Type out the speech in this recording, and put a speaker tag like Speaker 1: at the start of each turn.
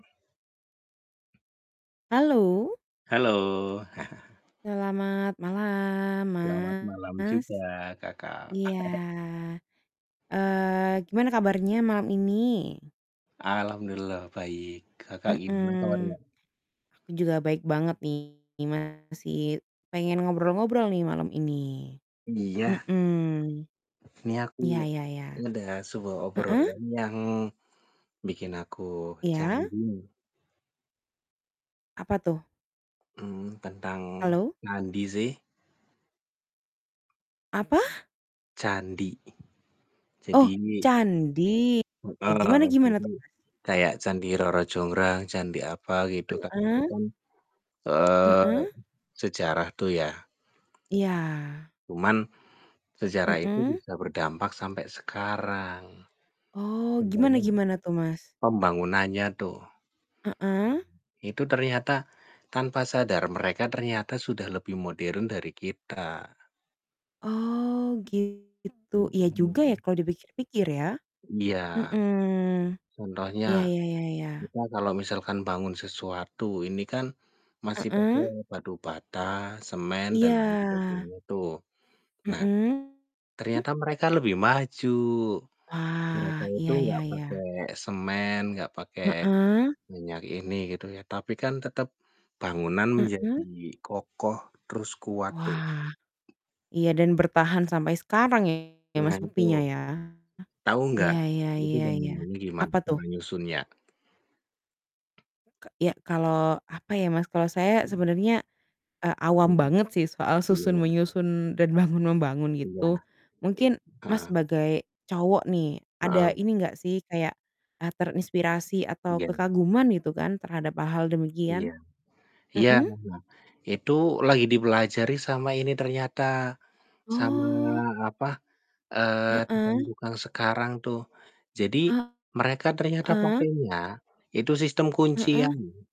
Speaker 1: Halo.
Speaker 2: Halo.
Speaker 1: Selamat malam,
Speaker 2: Selamat malam
Speaker 1: Mas.
Speaker 2: juga Kakak.
Speaker 1: Iya. Eee, gimana kabarnya malam ini?
Speaker 2: Alhamdulillah baik. Kakak gimana kabarnya?
Speaker 1: Mhm. Aku juga baik banget nih, masih pengen ngobrol-ngobrol nih malam ini.
Speaker 2: Iya.
Speaker 1: Mhm.
Speaker 2: Ini aku
Speaker 1: Iya, ya ya.
Speaker 2: ada sebuah
Speaker 1: Heeh.
Speaker 2: obrolan yang bikin aku
Speaker 1: Iya.
Speaker 2: candu.
Speaker 1: Apa tuh?
Speaker 2: Mmm, tentang
Speaker 1: Halo?
Speaker 2: candi sih?
Speaker 1: Apa?
Speaker 2: Candi.
Speaker 1: Oh,
Speaker 2: Jadi
Speaker 1: candi. Oke,
Speaker 2: heeh,
Speaker 1: gimana gimana
Speaker 2: jadi
Speaker 1: tuh, Mas?
Speaker 2: kayak Candi Roro Jonggrang, candi apa gitu kan. Itu
Speaker 1: Heeh.
Speaker 2: kan, eee,
Speaker 1: Heeh.
Speaker 2: sejarah tuh ya.
Speaker 1: Iya.
Speaker 2: Cuman sejarah itu
Speaker 1: Heeh.
Speaker 2: bisa berdampak sampai sekarang.
Speaker 1: Oh, gimana
Speaker 2: Contohnya
Speaker 1: gimana tuh, Mas?
Speaker 2: pembangunannya tuh.
Speaker 1: Heeh.
Speaker 2: Itu ternyata, tanpa sadar mereka ternyata sudah lebih modern dari kita.
Speaker 1: Oh, gitu. Iya juga ya
Speaker 2: Mhm.
Speaker 1: kalau dipikir-pikir ya.
Speaker 2: Iya.
Speaker 1: Mhm.
Speaker 2: Contohnya,
Speaker 1: Ya ya ya ya.
Speaker 2: kita kalau misalkan bangun sesuatu, ini kan masih pakai
Speaker 1: Heeh.
Speaker 2: batu bata, semen dan lain
Speaker 1: Iya.
Speaker 2: sebagainya tuh. Nah,
Speaker 1: Mhm.
Speaker 2: ternyata mereka lebih maju. Mereka
Speaker 1: Ah,
Speaker 2: itu
Speaker 1: iya,
Speaker 2: enggak
Speaker 1: ya ya.
Speaker 2: pakai semen, enggak pakai
Speaker 1: Heeh.
Speaker 2: minyak ini gitu ya. Tapi kan tetap bangunan
Speaker 1: Heeh.
Speaker 2: menjadi kokoh terus kuat tuh.
Speaker 1: Wah, iya dan bertahan sampai sekarang ya
Speaker 2: Nah,
Speaker 1: Mas
Speaker 2: itu.
Speaker 1: buktinya ya.
Speaker 2: Tahu
Speaker 1: Iya
Speaker 2: enggak
Speaker 1: iya
Speaker 2: itu
Speaker 1: iya iya.
Speaker 2: bangunannya gimana
Speaker 1: Apa tuh?
Speaker 2: cara nyusunnya?
Speaker 1: Ka ya kalau apa ya Mas, kalau saya sebenarnya, eee, awam banget sih soal susun
Speaker 2: Iya.
Speaker 1: menyusun dan bangun membangun
Speaker 2: Iya.
Speaker 1: gitu.
Speaker 2: I
Speaker 1: Mungkin, Mas,
Speaker 2: heeh.
Speaker 1: sebagai cowok nih, ada
Speaker 2: Heeh.
Speaker 1: ini nggak sih kayak, eee, terinspirasi atau
Speaker 2: Iya.
Speaker 1: kekaguman gitu kan terhadap hal-hal
Speaker 2: Iya.
Speaker 1: demikian?
Speaker 2: Iya,
Speaker 1: Mhm.
Speaker 2: heeh. Itu lagi dipelajari sama ini ternyata, sama
Speaker 1: Oh.
Speaker 2: apa, eee,
Speaker 1: Heeh.
Speaker 2: tukang-tukang sekarang tuh. Jadi mereka ternyata
Speaker 1: Heeh.
Speaker 2: pakainya itu sistem
Speaker 1: Heeh.
Speaker 2: kuncian loh.